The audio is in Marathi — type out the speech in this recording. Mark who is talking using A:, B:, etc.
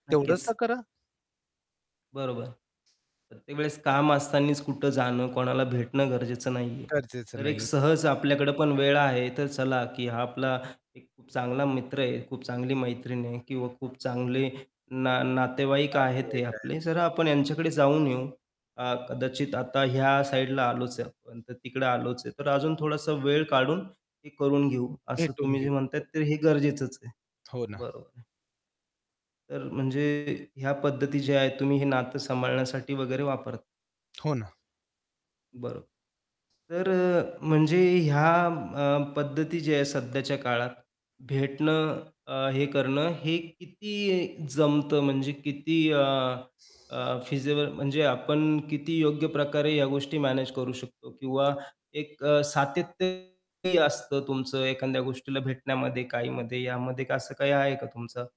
A: तेवढंच
B: नक्कीच.
A: तर करा.
B: बरोबर. प्रत्येक वेळेस काम असतानाच कुठं जाणं, कोणाला भेटणं गरजेचं नाहीये,
A: गरजेचं
B: तर एक
A: नाही.
B: सहज आपल्याकडे पण वेळ आहे, तर चला की हा आपला एक खूप चांगला मित्र आहे, खूप चांगली मैत्रीण आहे किंवा खूप चांगले ना नातेवाईक आहेत हे
A: नातेवाईक
B: आपले,
A: आहेत.
B: जरा आपण ह्यांच्याकडे जाऊन येऊ. अ, कदाचित आता ह्या साईडला आलोच आहे आपण, तर तिकडं आलोच आहे, तर अजून थोडासा वेळ काढून हे करून घेऊ. असं
A: भेटून
B: तुम्ही जे
A: घेऊ.
B: म्हणताय,
A: हो.
B: तर हे गरजेचंच आहे.
A: हो ना.
B: बरोबर. तर म्हणजे ह्या पद्धती जे आहे तुम्ही हे नातं सांभाळण्यासाठी वगैरे वापर
A: हो ना.
B: बरो तर अ, म्हणजे ह्या पद्धती जी आहे सध्याच्या काळात भेटणं अ, हे करणं हे किती जमतं म्हणजे किती अ, अ, फिजिबल म्हणजे आपण किती योग्य प्रकारे ह्या गोष्टी मॅनेज करू शकतो किंवा एक अ, सातत्य असतं तुमचं एखाद्या गोष्टीला भेटण्यामध्ये, काहीमध्ये यामध्ये असं काही आहे का तुमचं?